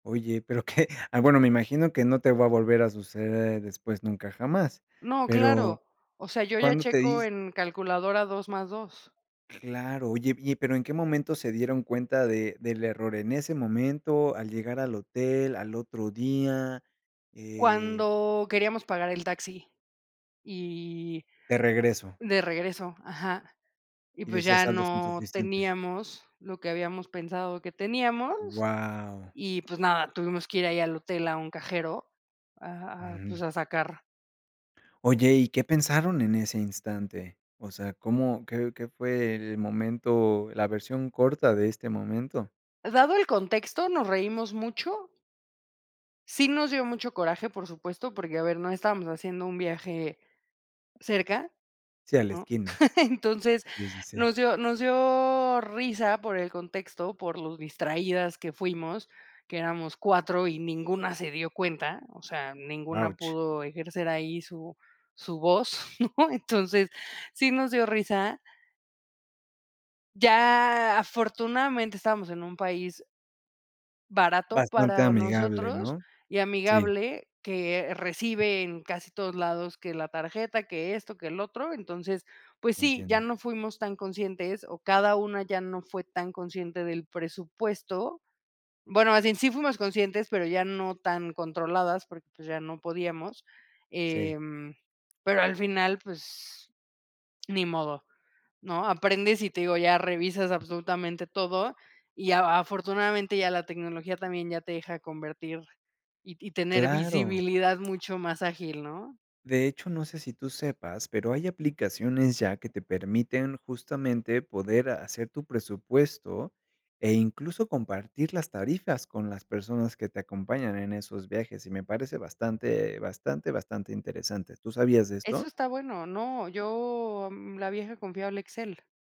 Oye, pero, ¿qué? Ah, bueno, me imagino que no te va a volver a suceder después nunca, jamás. No, Pero, claro. O sea, yo ya cuándo te checo dis en calculadora 2 más 2. Claro, oye, y y pero ¿en qué momento se dieron cuenta de del error? ¿En ese momento, al llegar al hotel, al otro día? eh Cuando queríamos pagar el taxi y De regreso. de regreso, ajá, y Y pues decía, ya saldos no insuficientes. teníamos lo que habíamos pensado que teníamos, ¡Guau! y pues nada, tuvimos que ir ahí al hotel, a un cajero a Ujú. pues a sacar. Oye, ¿y qué pensaron en ese instante? O sea, ¿cómo qué qué fue el momento, la versión corta de este momento? Dado el contexto, nos reímos mucho. Sí nos dio mucho coraje, por supuesto, porque, a ver, no estábamos haciendo un viaje cerca, Sí, a la ¿no? esquina. Entonces Sí, sí, sí. nos dio nos dio risa por el contexto, por lo distraídas que fuimos, que éramos 4 y ninguna se dio cuenta. O sea, ninguna Ouch. pudo ejercer ahí su su voz, ¿no?, entonces, sí nos dio risa Ya afortunadamente, estábamos en un país barato Bastante para amigable, nosotros ¿no? y Sí. amigable, que recibe en casi todos lados que la tarjeta, que esto, que el otro. Entonces, pues sí, ya Entiendo. no fuimos tan conscientes o cada una ya no fue tan consciente del presupuesto. Bueno, así en sí fuimos conscientes, pero ya no tan controladas porque ya no podíamos, Sí. em, pero al final, pues, ni modo, ¿no?, aprendes y te digo, ya revisas absolutamente todo y a afortunadamente ya la tecnología también ya te deja convertir y y tener Claro. visibilidad mucho más ágil, ¿no? De hecho, no sé si tú sepas, pero hay aplicaciones ya que te permiten, justamente, poder hacer tu presupuesto e incluso compartir las tarifas con las personas que te acompañan en esos viajes y me parece bastante, bastante, bastante interesante, ¿tú sabías de Eso esto? está bueno, no, yo, mm, la vieja confiable Excel.